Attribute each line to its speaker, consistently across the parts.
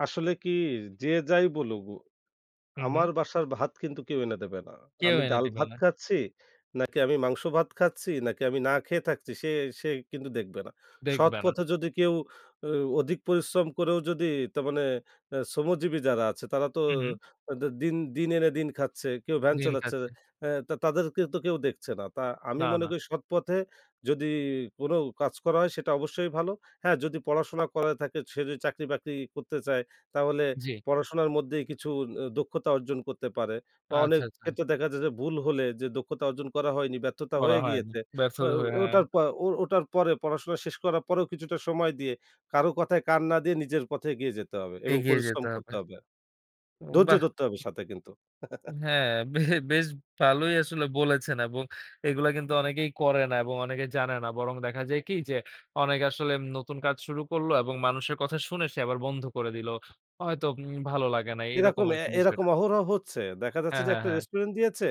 Speaker 1: আসলে কী, যে যাই বলুক, উ
Speaker 2: হুম, হুম।
Speaker 1: আমার বাসার ভাত কিন্তু কেউ এনে দেবে না।
Speaker 2: কেউ
Speaker 1: আমি
Speaker 2: এনে দিবে
Speaker 1: ডাল-ভাত
Speaker 2: না।
Speaker 1: খাচ্ছি, নাকি আমি মাংস-ভাত খাচ্ছি, নাকি আমি না খেয়ে থাকছি, সে সেই কিন্তু দেখবে না।
Speaker 2: দেখবে না।
Speaker 1: সৎপথে যদি কেউ অ অধিক পরিশ্রম করেও যদি তার মানে অ্যা শ্রমজীবী যারা আছে, তারা তো
Speaker 2: হুম, হুম।
Speaker 1: তাদের দিন দিন এনে দিন খাচ্ছে। কেউ ভ্যান
Speaker 2: দিন
Speaker 1: চালাচ্ছে।
Speaker 2: খাচ্ছে।
Speaker 1: হ্যাঁ, তা তাদেরকে তো কেউ দেখছে না। তা আমি
Speaker 2: না,
Speaker 1: মনে
Speaker 2: না।
Speaker 1: করি সৎপথে যদি কোনো কাজ করা হয়, সেটা অবশ্যই ভালো। হ্যাঁ, যদি পড়াশোনা করা থাকে, সে যদি চাকরি-বাকরি করতে চায়, তাহলে
Speaker 2: জি।
Speaker 1: পড়াশোনার মধ্যেই কিছু অ দক্ষতা অর্জন করতে পারে। বা অনেক
Speaker 2: আচ্ছা, আচ্ছা।
Speaker 1: ক্ষেত্রে দেখা যায় যে ভুল হলে যে দক্ষতা অর্জন করা হয়নি, ব্যর্থতা
Speaker 2: বলা
Speaker 1: হয়ে
Speaker 2: হয়নি।
Speaker 1: গিয়েছে,
Speaker 2: ব্যবসা
Speaker 1: অ্যা ও
Speaker 2: ধরে,
Speaker 1: এ
Speaker 2: হ্যাঁ।
Speaker 1: ওটার পর ও ওটার পরে পড়াশোনা শেষ করার পরেও কিছুটা সময় দিয়ে কারো কথায় কান না দিয়ে নিজের পথে এগিয়ে যেতে হবে এবং
Speaker 2: এগিয়ে
Speaker 1: পরিশ্রম
Speaker 2: যেতে হবে।
Speaker 1: করতে হবে আর।
Speaker 2: উ
Speaker 1: ধৈর্য
Speaker 2: বাহ!
Speaker 1: ধরতে হবে সাথে কিন্তু।
Speaker 2: হ্যাঁ, বে বেশ ভালোই আসলে বলেছেন এবং এইগুলা কিন্তু অনেকেই করে না এবং অনেকেই জানে না। বরং দেখা যায় কী, যে অনেকে আসলে উম নতুন কাজ শুরু করল এবং মানুষের কথা শুনে সে আবার বন্ধ করে দিল। হয়তো উম ভালো লাগে না এরকম
Speaker 1: এরকম অ্যা
Speaker 2: আরকি বিষয়টা।
Speaker 1: এরকম অহরহ হচ্ছে। দেখা যাচ্ছে
Speaker 2: হ্যাঁ,
Speaker 1: যে
Speaker 2: হ্যাঁ,
Speaker 1: একটা
Speaker 2: হ্যাঁ।
Speaker 1: রেস্টুরেন্ট দিয়েছে,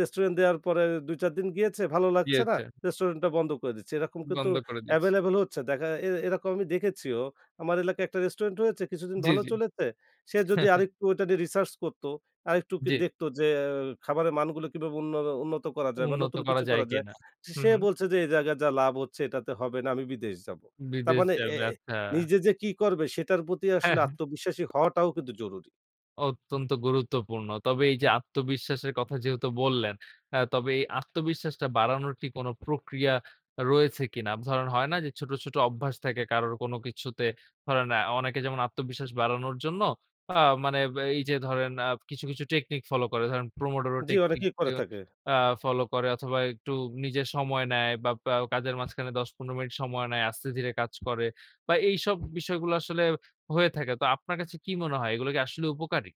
Speaker 1: রেস্টুরেন্ট দেয়ার পরে ২-৪ দিন গিয়েছে, ভালো লাগছে না,
Speaker 2: দিয়েছে।
Speaker 1: রেস্টুরেন্টটা বন্ধ করে দিচ্ছে। এরকম কিন্তু
Speaker 2: বন্ধ করে দিয়েছি।
Speaker 1: অ্যাভেইলেবল হচ্ছে। দেখা এর এরকম আমি দেখেছিও। আমার এলাকায় একটা রেস্টুরেন্ট হয়েছে, কিছুদিন
Speaker 2: জি,
Speaker 1: ভালো
Speaker 2: জি।
Speaker 1: চলেছে। সে যদি
Speaker 2: হ্যাঁ,
Speaker 1: আর
Speaker 2: হ্যাঁ।
Speaker 1: একটু ওইটা নিয়ে রিসার্চ করত, আরেকটু ওকে
Speaker 2: জি।
Speaker 1: দেখত যে অ্যাও খাবারের মানগুলো কীভাবে উন্নরো উন্নত করা যায় বা
Speaker 2: উন্নত
Speaker 1: নতুন
Speaker 2: করা
Speaker 1: কিছু
Speaker 2: যায়
Speaker 1: করা যায়।
Speaker 2: কিনা।
Speaker 1: সে
Speaker 2: হু,
Speaker 1: সে
Speaker 2: হু।
Speaker 1: বলছে যে এই জায়গায় যা লাভ হচ্ছে এটাতে হবে না, আমি বিদেশ যাব। তার
Speaker 2: বিদেশ
Speaker 1: মানে এ
Speaker 2: যাবে আচ্ছা।
Speaker 1: নিজে যে কী করবে, সেটার প্রতি
Speaker 2: হ্যাঁ,
Speaker 1: আসলে
Speaker 2: হ্যাঁ।
Speaker 1: আত্মবিশ্বাসী হওয়াটাও কিন্তু জরুরি।
Speaker 2: অত্যন্ত গুরুত্বপূর্ণ। তবে এইযে আত্মবিশ্বাসের কথা যেহেতু বললেন অ্যা তবে এই আত্মবিশ্বাসটা বাড়ানোর কি কোনো প্রক্রিয়া রয়েছে কিনা। ধরেন হয় না যে ছোট, ছোট অভ্যাস থাকে কারোর কোনো কিছুতে ধরেন অনেকে যেমন আত্মবিশ্বাস বাড়ানোর জন্য, আ মানে এইযে ধরেন আ কিছু, কিছু টেকনিক ফলো করে। ধরেন প্রমোডোরো
Speaker 1: জি
Speaker 2: টেকনিক
Speaker 1: অনেকেই করে থাকে।
Speaker 2: আ ফলো করে অথবা একটু নিজে সময় নেয় বা প্রায় কাজের মাঝখানে ১০-১৫ মিনিট সময় নেয়, আস্তে ধীরে কাজ করে বা এইসব বিষয়গুলা আসলে হয়ে থাকে। তো আপনার কাছে কি মনে হয়? এগুলো কি আসলে উপকারী?